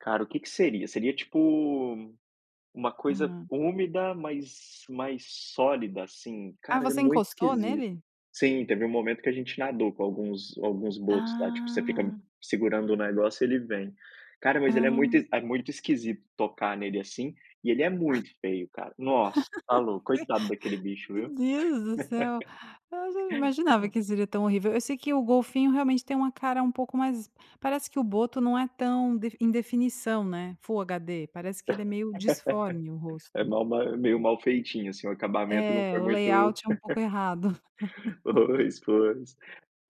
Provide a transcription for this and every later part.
Cara, o que que seria? Seria, tipo, uma coisa Hum. úmida, mais mais sólida, assim. Ah, Cara, é você muito encostou esquisito. nele? Sim, teve um momento que a gente nadou com alguns alguns botos lá, tipo: você fica Ah. segurando o negócio e ele vem. Cara, mas ele é Ah. muito es é muito esquisito tocar nele, assim, e ele é muito feio, cara. Nossa, tá louco, coitado daquele bicho, Meu viu. Deus do céu. Eu já não imaginava que seria tão horrível, eu sei que o golfinho realmente tem uma cara um pouco mais parece que o boto não é tão defi em definição né, Full HD, parece que ele é meio disforme o É rosto mal mal meio malfeitinho, assim, o acabamento não É, foi o muito layout é um pouco errado. Pois, pois.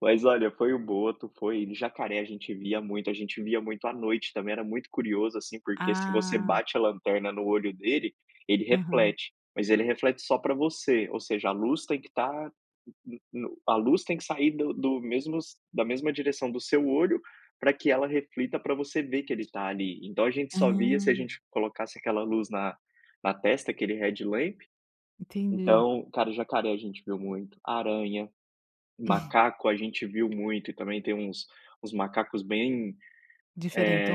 Mas, olha, foi o boto, foi jacaré a gente via muito, a gente via muito à noite também. Era muito curioso, assim, porque, se você Ah. bate a lanterna no olho dele, ele Aham. reflete. Mas ele reflete só pra você, ou seja: a luz tem que estar no no no a luz tem que sair do do mesmos da mesma direção do seu olho pra que ela reflita, pra você ver que ele tá ali. Então, a gente só via se a Ah. gente colocasse aquela luz na na testa, aquele headlamp. Entendi. Então, cara, jacaré a gente viu muito. Aranha, macaco a gente viu muito. E também tem uns uns macacos bem,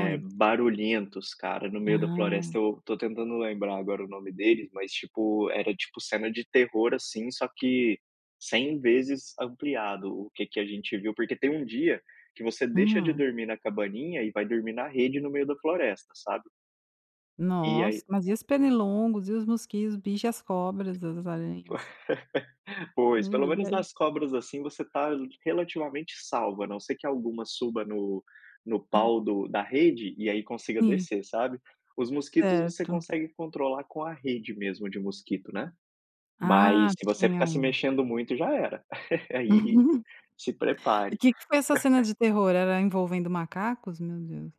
eh, barulhentos, cara, no meio da Ah. floresta. Eu tô tentando lembrar agora o nome deles, mas, tipo, era tipo cena de terror, assim, só que 100 vezes ampliado o que que a gente viu. Porque tem um dia que você deixa de Hum. dormir na cabaninha e vai dormir na rede, no meio da floresta, sabe. E Nossa, aí mas e os pernilongos e os mosquitos, bicho e as cobras, as aranhas? Pois, Hum, pelo e menos aí. nas cobras, assim, você tá relativamente salva, a não ser que alguma suba no no pau do da rede e aí consiga Sim. descer, sabe. Os mosquitos você Certo. consegue controlar com a rede mesmo de mosquito, né, mas Ah, se você tinha ficar se um. mexendo muito já era. Aí, se E prepare. que que foi essa cena de terror, era envolvendo macacos? Meu Deus.